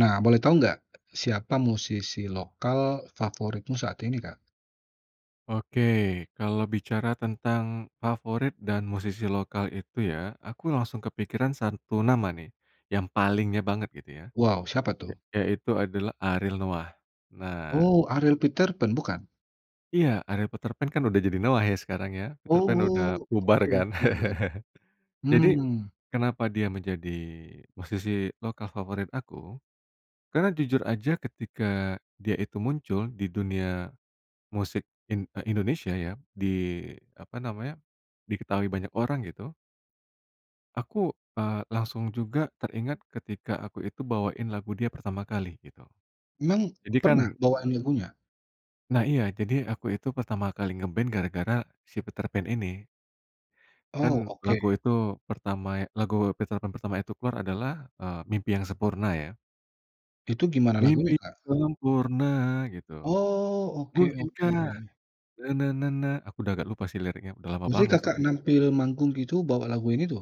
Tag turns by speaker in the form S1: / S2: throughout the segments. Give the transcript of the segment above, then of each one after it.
S1: Nah, boleh tau nggak. Siapa musisi lokal favoritmu saat ini, Kak?
S2: Oke, kalau bicara tentang favorit dan musisi lokal itu ya, aku langsung kepikiran satu nama nih, yang palingnya banget gitu ya,
S1: Wow, siapa tuh?
S2: ya yaitu adalah Ariel Noah. Nah
S1: Oh, Ariel Peterpan, bukan?
S2: iya, Ariel Peterpan kan udah jadi Noah ya, sekarang ya, Peterpan udah
S1: Oh,
S2: bubar
S1: oke
S2: kan.
S1: oke.
S2: Jadi,
S1: Mmm.
S2: kenapa dia menjadi musisi lokal favorit aku? Karena jujur aja ketika, dia itu muncul, di dunia musik in eh, Indonesia ya, di, apa namanya, diketahui banyak orang gitu. Aku, eee, langsung juga teringat ketika, aku itu bawain lagu dia pertama kali, gitu.
S1: Memang,
S2: Jadi kan
S1: pernah bawain lagunya?
S2: nah iya, jadi aku itu pertama kali nge-band gara-gara si Peterpan ini. Kan
S1: Oh oke.
S2: lagu itu pertama lagu Peterpan pertama itu keluar adalah, eee, Mimpi Yang Sempurna ya.
S1: Itu, gimana lagunya,
S2: "Mimpi
S1: Kak?
S2: yang sempurna," gitu.
S1: Oh, oke oke.
S2: "Mungkinkah, na-na-na-na," aku dah agak lupa sih liriknya, udah lama
S1: Berarti
S2: banget
S1: Kakak
S2: soalnya.
S1: nampil manggung gitu, bawa laguin itu?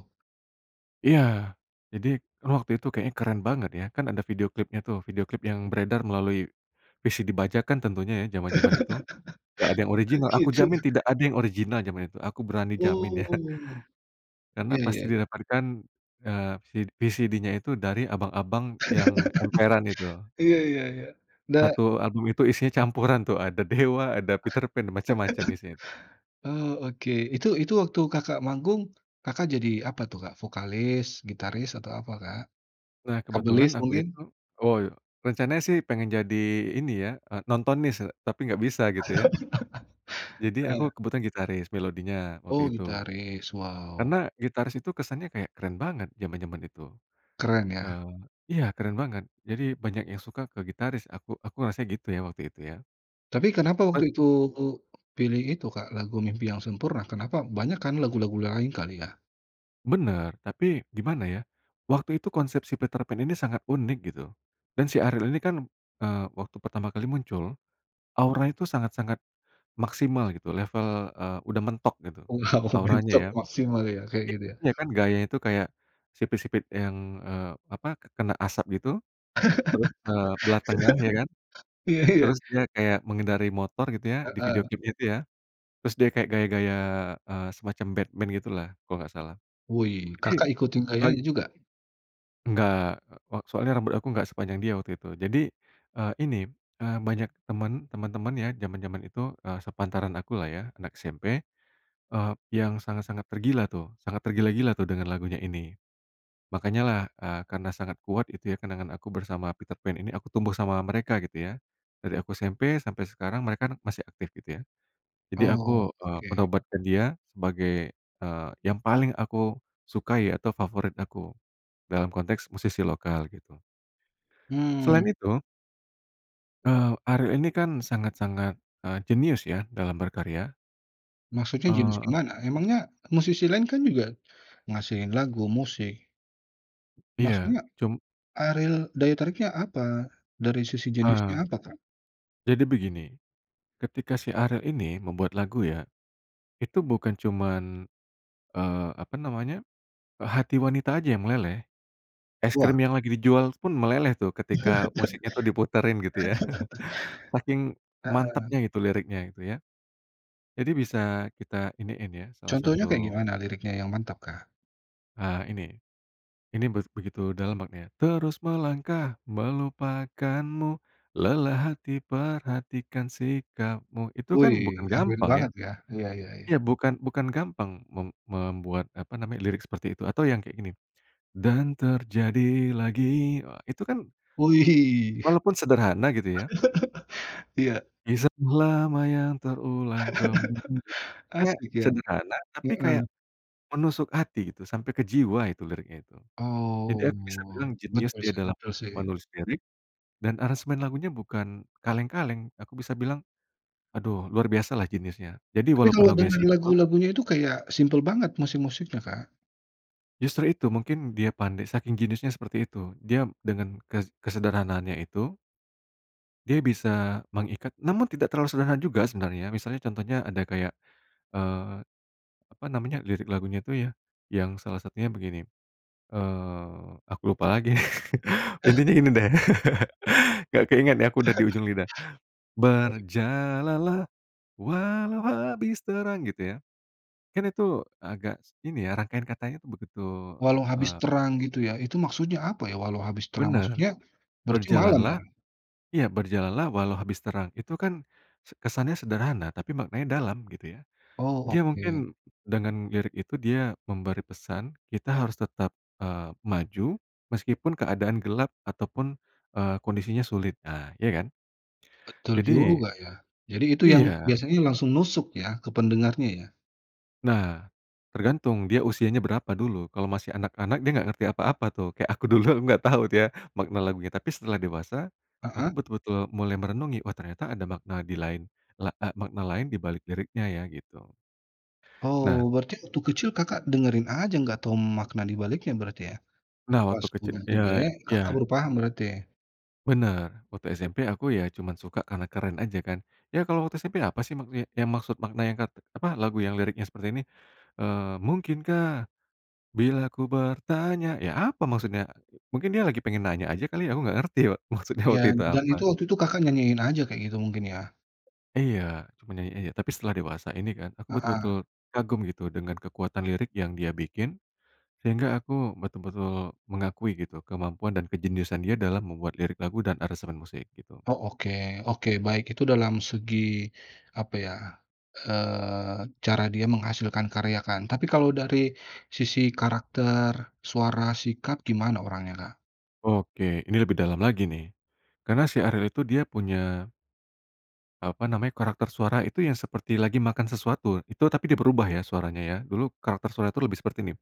S2: Iya, jadi kan waktu itu kayaknya keren banget ya, kan ada video klipnya tuh, video klip yang beredar melalui, VCD bajakan tentunya ya, jaman-jaman itu. Nggak ada yang
S1: Oh
S2: original, aku
S1: gitu.
S2: jamin tidak ada yang original zaman itu, aku berani jamin ya.
S1: Oh.
S2: Karena
S1: Iya iya
S2: pasti
S1: iya.
S2: didapatkan, eee, si VCD-nya itu dari abang-abang yang emperan itu.
S1: Iya iya iya. Da
S2: 1 album itu isinya campuran tuh, ada Dewa, ada Peterpan, macam-macam isinya tuh.
S1: Oh oke, itu itu waktu Kakak manggung. Kakak jadi apa tuh, Kak? Vokalis, gitaris, atau apa, Kak?
S2: Nah kebetulan
S1: Kabelis
S2: aku
S1: mungkin?
S2: itu. Oh, rencananya sih pengen jadi ini ya, eee, nontonnis sih, tapi gak bisa gitu ya. Jadi aku
S1: Heeh.
S2: kebetulan gitaris melodinya,
S1: Oh
S2: waktu itu.
S1: gitaris, wow.
S2: Karena gitaris itu kesannya kayak, keren banget jaman-jaman itu,
S1: Keren ya.
S2: eee iya keren banget jadi banyak yang suka ke gitaris aku aku ngerasanya gitu ya, waktu itu ya.
S1: Tapi kenapa
S2: Eee.
S1: waktu itu, pilih itu, Kak, lagu Mimpi yang Sempurna, kenapa? Banyak kan lagu-lagu yang lain, kali ya.
S2: Bener tapi, gimana ya, waktu itu konsep si Peterpan ini sangat unik gitu dan si Ariel ini kan, eee, waktu pertama kali muncul, aura itu sangat-sangat maksimal gitu level, eee, udah mentok gitu,
S1: Wow,
S2: auranya
S1: mentok
S2: ya.
S1: maksimal ya? Kayak
S2: Iya,
S1: gitu ya?
S2: iya kan gayanya itu kayak sipit-sipit yang, eee, apa kena asap gitu terus, eee, belah tengah ya kan,
S1: Iya iya.
S2: terus dia kayak mengendarai motor gitu ya, di video
S1: Heeh.
S2: klipnya itu ya, terus dia kayak gaya-gaya, eee, semacam Batman gitu lah, kalau nggak salah.
S1: Wih,
S2: Jadi,
S1: Kakak ikutin
S2: bag
S1: gayanya juga?
S2: Enggak, wa soalnya rambut aku nggak sepanjang dia waktu itu. Jadi, eee, ini, eee, banyak teman teman-teman ya jaman-jaman itu, eee, sepantaran aku lah ya, anak SMP, eee, yang sangat-sangat tergila tuh, sangat tergila-gila tuh dengan lagunya ini. Makanya lah, eee, karena sangat kuat itu ya, kenangan aku bersama Peterpan ini, aku tumbuh sama mereka, gitu ya. Dari aku SMP sampai sekarang mereka kan masih aktif gitu ya. Jadi
S1: Oh
S2: aku, eee,
S1: oke.
S2: menobatkan dia sebagai, eee, yang paling aku sukai atau favorit aku, dalam konteks musisi lokal gitu. Selain
S1: Mmm.
S2: itu eee, Ariel ini kan sangat-sangat, eee, jenius ya dalam berkarya.
S1: Maksudnya, jenius
S2: Eee.
S1: gimana? Emangnya musisi lain kan juga, ngasilin lagu, musik.
S2: Iya,
S1: Maksudnya
S2: cum
S1: Ariel, daya tariknya apa? Dari sisi jeniusnya
S2: Ah.
S1: apa, Kak?
S2: Jadi begini, ketika si Ariel ini membuat lagu ya. Itu bukan cuman, eee, apa namanya, hati wanita aja yang meleleh. Es
S1: Wah.
S2: krim yang lagi dijual pun meleleh tuh, ketika musiknya tuh diputerin gitu ya, saking
S1: Heeh.
S2: mantapnya gitu liriknya, itu ya. Jadi bisa kita iniin ya. Salah
S1: Contohnya kayak
S2: satu
S1: gimana, liriknya yang mantap kah?
S2: Ah ini. Ini beg begitu dalam maknanya "Terus melangkah melupakanmu, lelah hati perhatikan sikapmu," itu kan bukan
S1: Wih, Ariel
S2: gampang ya.
S1: banget ya. Iya iya iya.
S2: Ya bukan bukan gampang mem membuat, apa namanya, lirik seperti itu atau yang kayak gini, "Dan terjadi lagi," wah, itu kan
S1: Wih.
S2: walaupun sederhana gitu ya.
S1: Iya.
S2: "Kisah lama yang terulang kembali," kayak
S1: Asik ya.
S2: sederhana, tapi kayak
S1: Heeh.
S2: menusuk hati gitu, sampai ke jiwa itu liriknya gitu. Jadi aku bisa
S1: Oh,
S2: bilang jenius
S1: betul
S2: dia
S1: sih
S2: dalam
S1: betul sih.
S2: menulis lirik dan aransemen lagunya bukan kaleng-kaleng aku bisa bilang aduh luar biasa lah jeniusnya, jadi
S1: Tapi
S2: walaupun
S1: kalau
S2: lagunya
S1: dengar
S2: simpel
S1: lagu-lagunya itu kayak, simpel banget musik-musiknya, Kak.
S2: Justru itu, mungkin dia pandai, saking jeniusnya seperti itu, dia dengan ke kesederhanaannya itu. Dia bisa mengikat namun tidak terlalu sederhana juga sebenarnya, misalnya contohnya ada kayak, eee, apa namanya lirik lagunya itu ya, yang salah satunya begini, eee, aku lupa lagi,
S1: Ah.
S2: intinya ini deh, nggak keinget nih, aku udah di ujung lidah.
S1: Asik.
S2: "Berjalan lah, walau habis terang," gitu ya. Kan itu agak, s ini ya, rangkaian katanya tuh, begitu,
S1: Walau habis
S2: eee
S1: terang, gitu ya. Itu maksudnya apa ya? Walau habis terang
S2: Benar.
S1: maksudnya, berarti
S2: Berjalan
S1: malam
S2: lah
S1: ya?
S2: Iya berjalan lah walau habis terang, itu kan se kesannya sederhana tapi maknanya dalam, gitu ya.
S1: Oh,
S2: Dia
S1: oke.
S2: mungkin dengan lirik itu, dia memberi pesan kita harus tetap, eee, maju meskipun keadaan gelap ataupun, eee, kondisinya sulit, ah iya kan?
S1: Betul
S2: Jadi
S1: juga ya. Jadi itu yang,
S2: Iya.
S1: biasanya langsung nusuk ya, ke pendengarnya ya.
S2: Nah, tergantung dia usianya berapa dulu? Kalau masih anak-anak, dia nggak ngerti apa-apa tuh, kayak aku dulu, aku nggak tahu tuh ya makna lagunya, tapi setelah dewasa, aku
S1: Heeh.
S2: betul-betul mulai merenungi "Oh ternyata ada makna di lain, la ah, makna lain dibalik liriknya ya," gitu.
S1: Oh,
S2: Nah.
S1: berarti waktu kecil Kakak dengerin aja, nggak tahu m makna di baliknya berarti ya?
S2: Nah,
S1: Pas
S2: waktu kecil.
S1: udah
S2: Iya
S1: gede, Kakak
S2: iya.
S1: baru paham berarti.
S2: Benar, waktu SMP aku ya, cuman suka karena keren aja kan. Ya kalau waktu SMP apa sih maksud ya maksud makna yang kat apa, lagu yang liriknya seperti ini, eee, "Mungkinkah, bilaku bertanya," ya apa maksudnya? Mu mungkin dia lagi pengen nanya aja kali ya, aku nggak ngerti, wak maksudnya
S1: Iya,
S2: waktu itu
S1: dan itu,
S2: apa.
S1: waktu itu Kakak nyanyiin aja kayak gitu, mungkin ya.
S2: Iya, cuma nyanyi aja, tapi setelah dewasa ini kan, aku
S1: Heeh.
S2: betul-betul, kagum gitu dengan kekuatan lirik yang dia bikin, sehingga aku betul-betul, mengakui gitu kemampuan dan kejeniusan dia dalam membuat lirik lagu dan aransemen musik, gitu.
S1: Oh, oke, oke baik, itu dalam segi, apa ya, eee, cara dia menghasilkan karya kan, tapi kalau dari sisi karakter, suara, sikap, gimana orangnya, Kak?
S2: Oke, ini lebih dalam lagi nih, karena si Ariel itu dia punya eee, apa namanya, karakter suara itu yang seperti lagi makan sesuatu, itu tapi dia berubah ya, suaranya ya. Dulu karakter suara itu lebih seperti ini,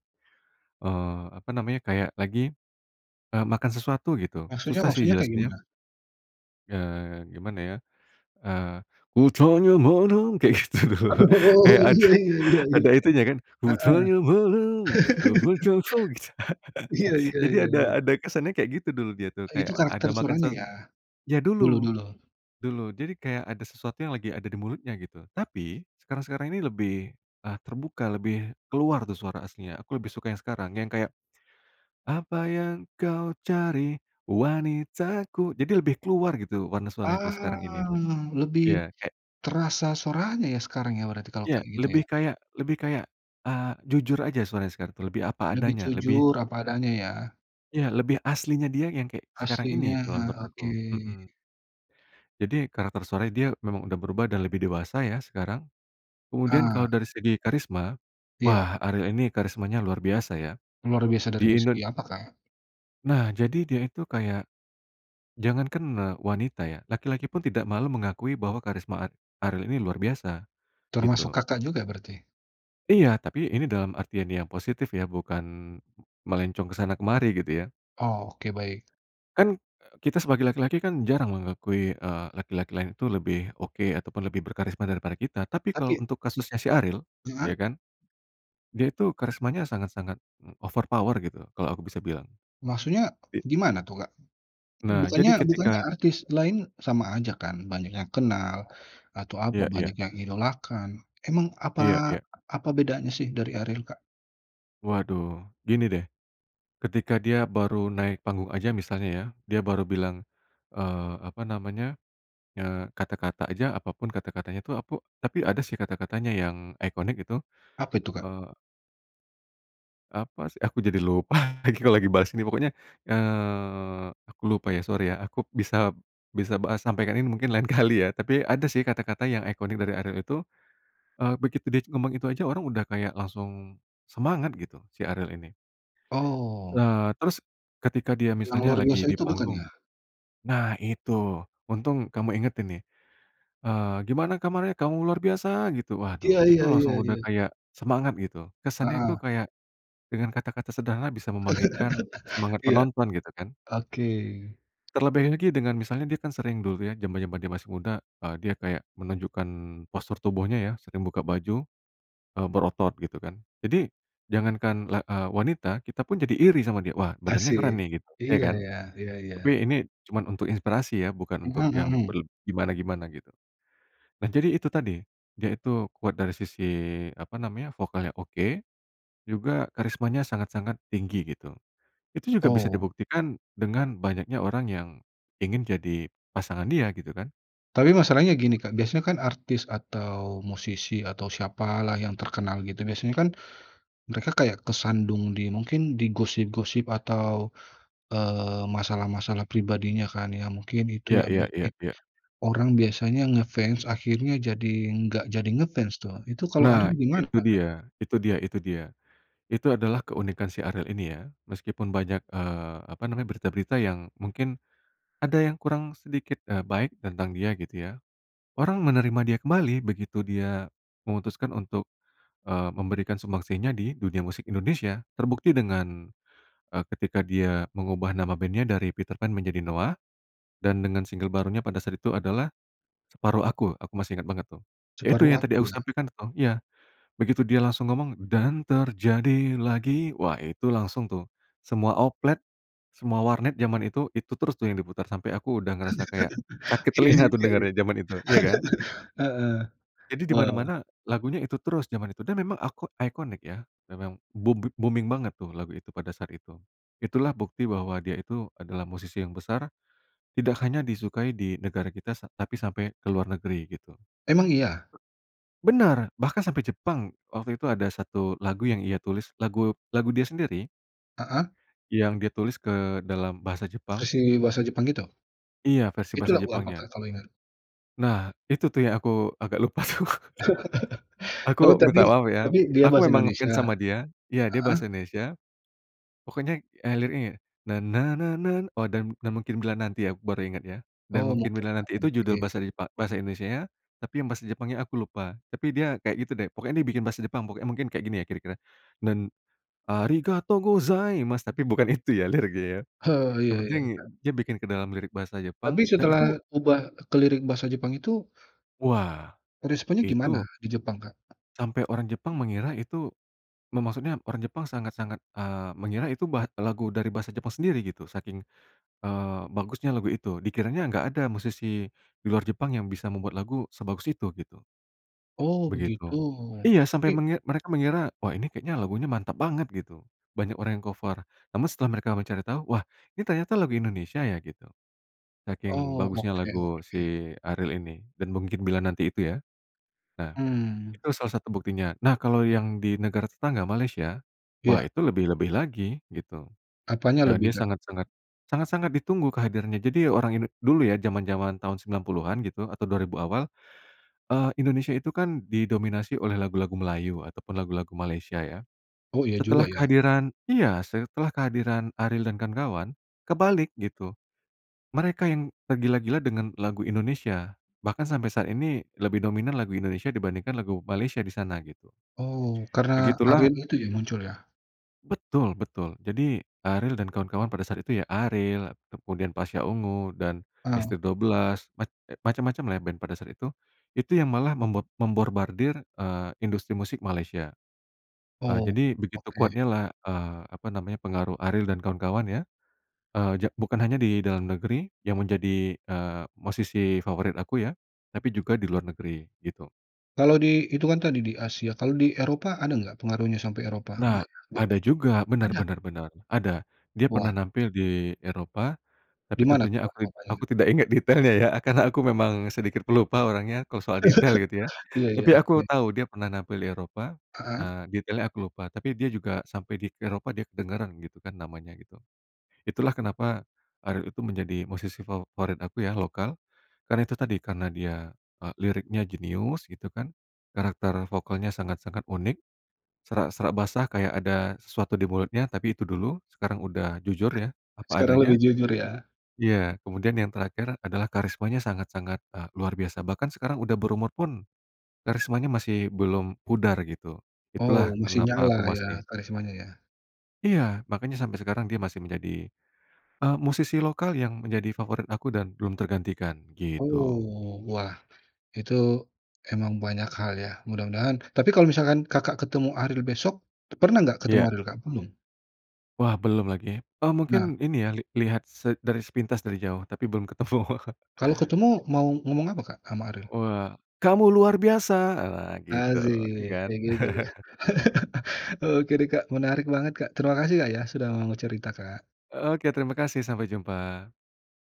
S2: eee, apa namanya kayak lagi, eee, makan sesuatu gitu.
S1: Maksudnya
S2: Susah sih
S1: maksudnya kayak
S2: jelasinnya.
S1: gimana?
S2: Eee, gimana ya, eee, kutanya malam kayak gitu loh,
S1: Oh
S2: kayak ada
S1: iya iya iya iya.
S2: ada itunya kan
S1: Heeh.
S2: kutanya malam dapatkah kau, gitu.
S1: Iya iya
S2: Jadi
S1: iya
S2: ada
S1: iya.
S2: ada kesannya kayak gitu dulu dia tuh,
S1: Eee, itu
S2: kayak, ada
S1: karakter
S2: makan
S1: suaranya
S2: sesuatu
S1: ya,
S2: ya dulu,
S1: dulu-dulu.
S2: dulu. Jadi kayak ada sesuatu yang lagi ada di mulutnya gitu. Tapi, sekarang-sekarang ini lebih, e terbuka, lebih, keluar tuh suara aslinya. Aku lebih suka yang sekarang, yang kayak apa yang kau cari, wanitaku jadi lebih keluar gitu warna suaranya tuh
S1: Aaa,
S2: sekarang ini.
S1: lebih,
S2: Iya, kayak
S1: terasa suaranya ya sekarang ya berarti kalau
S2: iya,
S1: kayak gitu ya?
S2: lebih kayak lebih kayak eee, jujur aja suaranya sekarang tuh, lebih apa
S1: Lebih
S2: adanya, lebih
S1: jujur, apa adanya ya?
S2: iya lebih aslinya dia yang kek, sekarang ini
S1: Aslinya,
S2: kalau
S1: heeh
S2: menurut aku.
S1: oke.
S2: Mhm. Jadi, karakter suaranya dia, memang udah berubah dan lebih dewasa ya sekarang. Kemudian
S1: Ah.
S2: kalo dari segi karisma,
S1: Iya.
S2: wah Ariel ini karismanya luar biasa ya.
S1: Luar biasa dari nih
S2: Di
S1: segi
S2: Indon
S1: apa Kak?
S2: nah jadi dia itu kayak, jangankan, eee, wanita ya, laki-laki pun tidak malu mengakui bahwa karisma ar Ariel ini luar biasa,
S1: Termasuk
S2: gitu.
S1: Kakak juga berarti?
S2: Iya, tapi ini dalam artian yang positif ya, bukan, melencong ke sana kemari gitu ya.
S1: Oke, baik.
S2: Kan, e kita sebagai laki-laki kan jarang mengakui, eee, laki-laki lain itu lebih, oke, ataupun lebih berkarisma daripada kita. Tapi kalo
S1: Tapi
S2: untuk kasusnya si Ariel, ya
S1: heeh?
S2: kan, dia itu karismanya sangat-sangat overpower gitu, kalo aku bisa bilang.
S1: Maksudnya,
S2: Di
S1: gimana tuh Kak?
S2: nah,
S1: Bukannya
S2: jadi
S1: bukannya
S2: ketika
S1: artis lain, sama aja kan banyak yang kenal, atau apa
S2: iya iya.
S1: banyak yang idolakan. Emang apa
S2: Iya iya.
S1: apa bedanya sih dari Ariel Kak?
S2: Waduh, gini deh, ketika dia baru naik panggung aja misalnya ya, dia baru bilang, eee, apa namanya, eee, kata-kata aja apapun kata-katanya tuh aku tapi ada sih kata-katanya yang, iconic gitu,
S1: Apa itu Kak?
S2: eee apa sih, aku jadi lupa lagi kalau lagi bahas ini pokoknya, eee, aku lupa, ya sori ya, aku bisa bisa bahas sampaikan ini mungkin lain kali ya. Tapi, ada sih kata-kata yang iconic dari Ariel itu, eee, begitu dia ngomong itu aja orang udah kayak langsung, semangat gitu, si Ariel ini.
S1: Oh.
S2: Eee, terus, ketika dia
S1: Yang
S2: misalnya
S1: luar
S2: lagi
S1: biasa
S2: di
S1: itu bukan
S2: panggung,
S1: ya?
S2: nah itu, untung kamu ingetin nih, eee, "Gimana kabarnya kamu luar biasa?" gitu waduh,
S1: Iya
S2: itu
S1: iya iya
S2: langsung udah
S1: iya.
S2: kayak, semangat gitu. Kesannya itu
S1: Heeh.
S2: kayak, dengan kata-kata sederhana bisa membangkitkan, semangat
S1: Iya.
S2: penonton gitu kan.
S1: Oke.
S2: Terlebih lagi dengan misalnya dia kan sering dulu ya, zaman-zaman dia masih muda, eee, dia kayak menunjukkan postur tubuhnya ya, sering buka baju, eee, berotot gitu kan. Jadi, jangankan la eee, wanita, kita pun jadi iri sama dia, "Wah badannya keren
S1: Asik.
S2: nih" gitu, ya
S1: Iya
S2: kan?
S1: ya, iya
S2: Tapi
S1: iya.
S2: ini, cuman untuk inspirasi ya, bukan
S1: Mhm
S2: untuk yang
S1: mhm.
S2: berleb gimana-gimana gitu. Nah jadi itu tadi, dia itu, kuat dari sisi, apa namanya, vokalnya oke, juga, karismanya sangat-sangat tinggi gitu. Itu juga bisa
S1: Oh.
S2: dibuktikan, dengan, banyaknya orang yang, ingin jadi pasangan dia gitu kan?
S1: Tapi masalahnya gini Kak, biasanya kan artis atau musisi atau siapalah yang terkenal gitu biasanya kan, mereka kayak kesandung di mungkin di gosip-gosip atau, eee, masalah-masalah pribadinya kan ya mungkin itu
S2: Ya
S1: yang
S2: iya iya
S1: bikin,
S2: iya.
S1: orang biasanya ngefans akhirnya jadi nggak jadi ngefans tuh. Itu kalo
S2: Nah
S1: Ariel gimana
S2: itu
S1: Kak?
S2: dia itu dia itu dia. Itu adalah keunikan si Ariel ini ya. Meskipun banyak, eee, apa namanya, berita-berita yang, mungkin, ada yang kurang sedikit, eee, baik tentang dia gitu ya. Orang menerima dia kembali, begitu dia, memutuskan untuk, eee, memberikan sumbangsinya di, dunia musik Indonesia. Terbukti dengan, eee, ketika dia mengubah nama band-nya dari Peterpan menjadi Noah, dan dengan single barunya pada saat itu adalah, Separuh Aku, aku masih ingat banget tuh. Ya itu
S1: Separuh
S2: yang tadi
S1: Aku
S2: aku
S1: ya?
S2: sampaikan itu, iya, begitu dia langsung ngomong, dan terjadi lagi wah itu langsung tuh, semua oplet, semua warnet zaman itu, itu terus tuh yang diputar, sampe aku udah ngerasa kayak, sakit
S1: Iya
S2: telinga tuh
S1: juga ya.
S2: dengernya zaman itu, iya kan?
S1: Heeh,
S2: Jadi di
S1: wah.
S2: mana-mana, lagunya itu terus jaman itu, dia memang ako iconic ya, memang boombi booming banget tuh lagu itu, pada saat itu. Itulah bukti bahwa dia itu, adalah musisi yang besar, tidak hanya disukai di negara kita sa tapi sampai ke luar negeri, gitu.
S1: Emang iya?
S2: Benar, bahkan sampai Jepang. Waktu itu ada 1 lagu yang ia tulis, lagu lagu dia sendiri.
S1: Heeh.
S2: Yang dia tulis ke dalam bahasa Jepang.
S1: Versi bahasa Jepang gitu?
S2: Iya, versi
S1: Itu
S2: bahasa
S1: lagu apa
S2: Jepangnya.
S1: Kak kalau ingat?
S2: Nah, itu, tuh, ya, aku agak lupa, tuh.
S1: Oh,
S2: Aku
S1: tapi
S2: minta maaf, ya.
S1: tapi dia
S2: Aku
S1: bahasa
S2: emang nge-fans
S1: Indonesia?
S2: sama dia. Ya, dia
S1: Heeh?
S2: bahasa Indonesia, pokoknya, eee, liriknya, "na na na nan" oh, Dan Dan Mungkin Bila Nanti, ya, aku baru inget, ya. Dan
S1: Oh,
S2: Mungkin
S1: Mungkin
S2: Bila
S1: Bila
S2: Nanti, itu judul
S1: Nanti.
S2: bahasa Jepa bahasa Indonesianya, tapi yang bahasa Jepangnya aku lupa. Tapi dia kayak, gitu, deh. Pokoknya dia biikin bahasa Jepang pokoknya. Mungkin kayak gini, ya, kira-kira. Dan arigatou gozaimasu," tapi bukan itu, ya, liriknya, ya.
S1: Oh,
S2: Yang
S1: ya ya
S2: penting
S1: ya.
S2: dia bikin ke dalam lirik bahasa
S1: Tapi
S2: Jepang dan itu
S1: setelah ubah ke lirik bahasa Jepang itu
S2: wah,
S1: responnya gimana
S2: itu
S1: di Jepang, Kak?
S2: sampai orang Jepang mengira itu me maksudnya orang Jepang sangat-sangat, eee, mengira itu ba lagu dari bahasa Jepang sendiri, gitu, saking, eee, bagusnya lagu itu, dikiranya nggak ada musisi di luar Jepang yang bisa membuat lagu sebagus itu, gitu.
S1: Oh, begitu.
S2: Begitu. Iya, sampai
S1: Tapi
S2: mengi mereka mengira, "Wah, ini kayaknya lagunya mantap banget," gitu, banyak orang yang cover. Namun, setelah mereka mencari tau, "Wah, ini ternyata lagu Indonesia, ya? Gitu, saking
S1: Oh,
S2: bagusnya
S1: oke
S2: lagu
S1: oke.
S2: si Ariel ini, Dan Mungkin Bila Nanti, itu, ya. Ya.
S1: Mmm.
S2: Itu salah satu buktinya. Nah, kalau yang di negara tetangga, Malaysia, wah,
S1: Ya.
S2: itu lebih-lebih lagi, gitu.
S1: Apanya
S2: Eee,
S1: lebih,
S2: dia
S1: Kak?
S2: sangat-sangat sangat-sangat ditunggu kehadirannya. Jadi orang Indo dulu, ya, jaman-jaman tahun 90-an, gitu, atau 2000 awal, eee, Indonesia itu, kan, didominasi oleh lagu-lagu Melayu atau pun lagu-lagu Malaysia, ya.
S1: Oh, ya
S2: Setelah
S1: juga, ya.
S2: kehadiran iya, setelah kehadiran Ariel dan kawan-kawan, kebalik, gitu, mereka yang tergila-gila dengan lagu Indonesia, bahkan sampai saat ini lebih dominan lagu Indonesia dibandingkan lagu Malaysia di sana, gitu.
S1: Oh, karena
S2: Begitulah
S1: Ariel itu, ya, muncul, ya.
S2: Betul betul. Jadi Ariel dan kawan-kawan pada saat itu, ya, Ariel, kemudian Pasha Ungu dan
S1: Ah.
S2: ST12, mac macam-macam, lah, ya, band pada saat itu, itu yang malah membor memborbardir, eee, industri musik Malaysia. Eee,
S1: Oh,
S2: jadi begitu
S1: oke.
S2: kuatnya, lah, eee, apa namanya, pengaruh Ariel dan kawan-kawan, ya. Eee, ja bukan hanya di dalam negeri yang menjadi, eee, musisi favorit aku, ya, tapi juga di luar negeri, gitu.
S1: Kalau di itu, kan, tadi di Asia, kalau di Eropa ada nggak pengaruhnya sampai Eropa?
S2: Nah,
S1: Enggak, ya?
S2: ada juga. Benar
S1: Ada?
S2: benar benar, ada. Dia
S1: Wah.
S2: pernah nampil di Eropa, tapi
S1: Di mana,
S2: tentunya
S1: tuh, Kak,
S2: aku id
S1: Eropanya?
S2: aku tidak ingat detailnya, ya, karena aku memang sedikit pelupa orangnya kalau soal detail gitu, ya.
S1: Iya iya.
S2: Tapi aku
S1: Ya.
S2: tau dia pernah nampil di Eropa,
S1: Heeh.
S2: eee, detailnya aku lupa, tapi dia juga sampai di Eropa, dia kedengaran, gitu, kan, namanya, gitu. Itulah kenapa Ariel itu menjadi musisi favorit aku, ya, lokal, karena itu tadi, karena dia, eee, liriknya jenius, gitu, kan, karakter vokalnya sangat-sangat unik, serak-serak basah kayak ada sesuatu di mulutnya, tapi itu dulu. Sekarang udah jujur, ya, apa
S1: Sekarang lebih
S2: adanya.
S1: jujur, ya.
S2: Iya. Kemudian yang terakhir adalah karismanya sangat-sangat, eee, luar biasa, bahkan sekarang udah berumur pun karismanya masih belum pudar, gitu,
S1: Oh,
S2: itulah
S1: masih
S2: kenapa aku
S1: nyala,
S2: masih
S1: ya, karismanya, ya.
S2: Iya, makanya sampai sekarang dia masih menjadi, eee, musisi lokal yang menjadi favorit aku dan belum tergantikan, gitu.
S1: Oh, wah, itu emang banyak hal, ya. Mudah-mudahan tapi kalau misalkan Kakak ketemu Ariel besok pernah nggak ketemu
S2: Iya.
S1: Ariel, Kak? Belum?
S2: Wah, belum lagi. Oh,
S1: Nah.
S2: mungkin ini, ya, li lihat se dari sepintas dari jauh tapi belum ketemu.
S1: Kalau ketemu mau ngomong apa, Kak, ama Ariel?
S2: Wah, "Kamu luar biasa!" Ah, gitu, ya,
S1: Asik,
S2: kan.
S1: kayak gitu. Oke, deh, Kak, menarik banget Kak. Terima kasih, Kak, ya, sudah mau cerita, Kak.
S2: Oke, terima kasih, sampai jumpa.